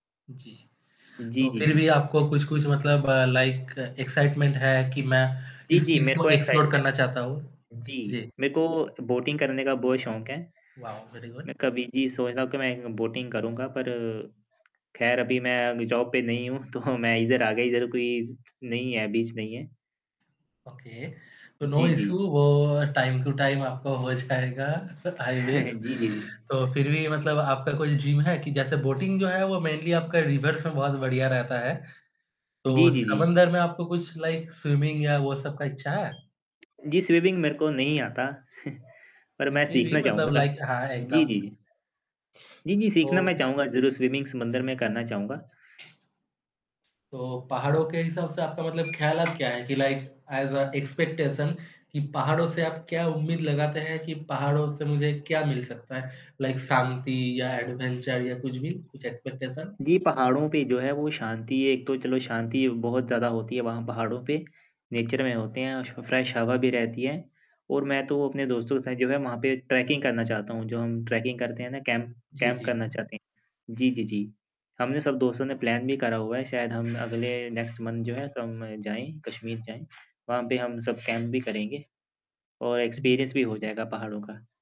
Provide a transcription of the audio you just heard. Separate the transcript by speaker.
Speaker 1: जी,
Speaker 2: जी,
Speaker 1: तो
Speaker 2: जी,
Speaker 1: फिर
Speaker 2: जी।
Speaker 1: भी आपको कुछ-कुछ मतलब अ, लाइक एक्साइटमेंट है कि मैं
Speaker 2: जी,
Speaker 1: इस
Speaker 2: जी।
Speaker 1: चीज़
Speaker 2: मेरे
Speaker 1: को
Speaker 2: को एक साइड
Speaker 1: एक्सप्लोर
Speaker 2: में
Speaker 1: करना चाहता हूँ।
Speaker 2: जी,
Speaker 1: जी।
Speaker 2: मेरे को बोटिंग करने का बहुत शौक है,
Speaker 1: वाओ! Very good.
Speaker 2: मैं कभी जी, सोचता हूँ कि मैं एक बोटिंग करूँगा पर खैर अभी मैं अग जॉब पे नहीं हूँ, तो मैं इधर आ गई, इधर कोई नहीं है, बीच नहीं है।
Speaker 1: ओके, तो नो
Speaker 2: जी,
Speaker 1: इश्यू
Speaker 2: जी।
Speaker 1: वो टाइम टू टाइम आपका हो जाएगा, आई विश,
Speaker 2: जी, जी, जी।
Speaker 1: तो फिर भी मतलब आपका कुछ ड्रीम है कि जैसे बोटिंग जो है वो मेनली आपका रिवर्स में बहुत बढ़िया रहता है,
Speaker 2: जी,
Speaker 1: तो
Speaker 2: जी, जी।
Speaker 1: समुद्र में आपको कुछ लाइक स्विमिंग या वो सब का इच्छा है?
Speaker 2: जी, स्विमिंग मेरे को नहीं आता, पर मैं
Speaker 1: फिर भी
Speaker 2: सीखना
Speaker 1: मतलब
Speaker 2: चाहूँगा।
Speaker 1: लाइक हाँ, हाँ।
Speaker 2: जी,
Speaker 1: एकदम।
Speaker 2: जी, जी। जी, जी। सीखना
Speaker 1: तो
Speaker 2: मैं चाहूँगा ज़रूर, स्विमिंग समुद्र में करना चाहूँगा।
Speaker 1: तो पहाड़ों के हिसाब से आपका मतलब ख्यालात क्या हैं कि लाइक ऐज़ अ, एक्सपेक्टेशन कि पहाड़ों से आप क्या उम्मीद लगाते हैं कि पहाड़ों से मुझे क्या मिल सकता है, लाइक शांति या एडवेंचर या कुछ भी, कुछ एक्सपेक्टेशन्स?
Speaker 2: जी, पहाड़ों पे जो है वो शांति है, एक तो चलो शांति बहुत ज़्यादा होती है वहाँ पहाड़ों पे, नेचर में होते हैं, सो फ्रेश हवा भी रहती है और मैं तो अपने दोस्तों के साथ जो है वहाँ पे ट्रैकिंग करना चाहता हूँ, जो हम ट्रैकिंग करते हैं ना कैंप
Speaker 1: जी,
Speaker 2: कैंप
Speaker 1: जी।
Speaker 2: करना चाहते हैं। जी, जी, जी। हमने सब दोस्तों ने प्लान भी करा हुआ है, शायद हम अगले नेक्स्ट मन्थ जो है सब जाएँ, कश्मीर जाएँ, वहाँ पे हम सब कैंप भी करेंगे और
Speaker 1: हुँ।
Speaker 2: एक्सपीरियंस भी हो जाएगा पहाड़ों का।